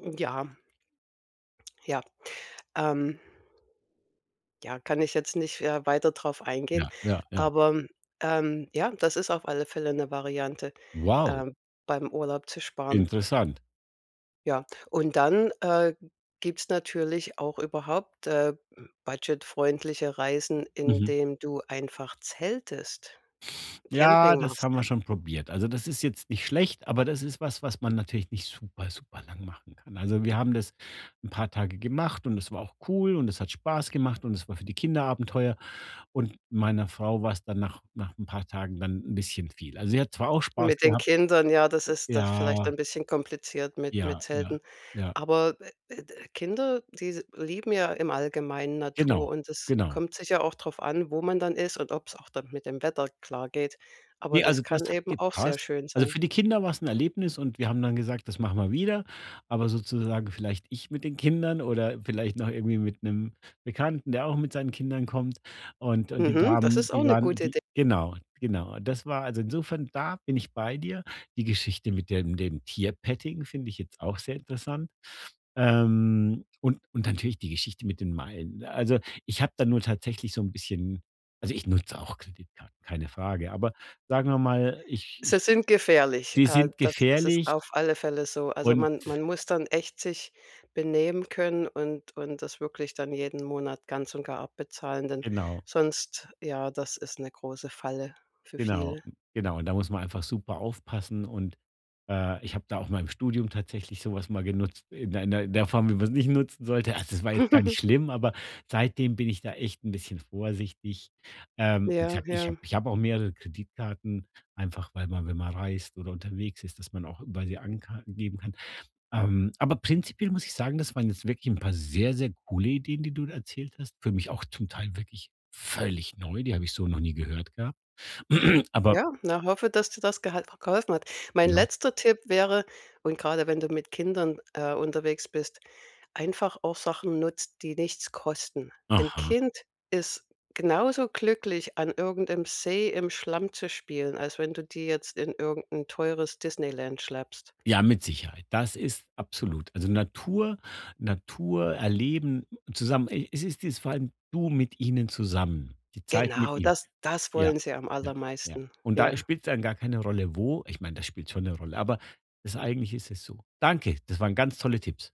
Hm, ja. Ja, ähm. Ja, kann ich jetzt nicht ja weiter drauf eingehen, Ja, ja, ja. aber, ähm, ja, das ist auf alle Fälle 'ne Variante, Wow. ähm, beim Urlaub zu sparen. Interessant. Ja, und dann, äh, gibt's natürlich auch überhaupt, äh, budget-freundliche Reisen, Mhm. indem du einfach zeltest, Ja, Camping das machst. haben wir schon probiert. Also, das ist jetzt nicht schlecht, aber das ist was, was man natürlich nicht super superlang machen kann. Also, wir haben das 'n paar Tage gemacht und es war auch cool und es hat Spaß gemacht und es war für die Kinder Abenteuer. Und meiner Frau war's dann nach nach 'n paar Tagen dann 'n bisschen viel. Also, sie hat zwar auch Spaß Mit den gehabt Kindern, ja, das ist das ist vielleicht Ja. ein bisschen kompliziert mit mit Ja, ja, Zelten. ja. Aber, äh, äh, d Kinder, die s lieben ja im Allgemeinen Genau, Natur und es genau. kommt sicher auch drauf an, wo man dann ist und ob's auch dann mit dem Wetter klar geht. Aber Ne, das also, das kann hat eben auch sehr gepasst. schön Also, sein. für die Kinder war's 'n Erlebnis und wir haben dann gesagt, das machen wir wieder, aber sozusagen vielleicht ich mit den Kindern oder vielleicht noch irgendwie mit 'nem Bekannten, der auch mit seinen Kindern kommt. Und und die Mhm, das Damen, ist auch die 'ne waren gute die Idee. Genau, genau. Und das war also insofern, da bin ich bei dir. Die Geschichte mit dem dem Tierpetting finde ich jetzt auch sehr interessant. Ähm, und und natürlich die Geschichte mit den Meilen. Ne, also, ich habe da nur tatsächlich so 'n bisschen Also, ich nutze auch Kreditkarten, keine Frage. Aber, sagen wir mal, ich Sie ich sind gefährlich. Die Äh, sind das das ist auf gefährlich alle Fälle so. Also, und man man muss dann echt sich benehmen können, und und das wirklich dann jeden Monat ganz und gar abbezahlen, denn Genau. sonst, ja, das ist 'ne große Falle, für Genau. viele. Genau, und da muss man einfach super aufpassen und, äh, ich habe da auch mal im Studium tatsächlich so was mal genutzt in der in der Form, wie man's nicht nutzen sollte. Also, das war jetzt gar nicht schlimm, aber seitdem bin ich da echt 'n bisschen vorsichtig. Ähm, wie Ja, gesagt, ich ja. habe ich habe auch mehrere Kreditkarten, einfach weil man wenn man reist oder unterwegs ist, dass man auch [unintelligible] geben kann. Ähm, aber prinzipiell muss ich sagen, das waren jetzt wirklich 'n paar sehr, sehr coole Ideen, die du da erzählt hast. Für mich auch zum Teil wirklich völlig neu, die habe ich so noch nie gehört gehabt. Aber Ja, na, hoffe, dass dir das gehal geholfen hat. Mein Genau. letzter Tipp wäre- und grade wenn du mit Kindern, äh, unterwegs bist- einfach auch Sachen nutzt, die nichts kosten. Ein Aha. Kind ist genauso glücklich, an irgendeinem See im Schlamm zu spielen, als wenn du die jetzt in irgend 'n teures Disneyland schleppst. Ja, mit Sicherheit. Das ist absolut Also, Natur, Natur erleben zusammen e es ist dies vor allem, du mit ihnen zusammen, die Zeit mit Genau, ihnen. das das Ja. wollen sie am Ja. Ja. allermeisten. Und da, äh, Ja. spielt's dann gar keine Rolle, wo ich meine, das spielt schon 'ne Rolle, aber das eigentlich ist es so. Danke, das waren ganz tolle Tipps.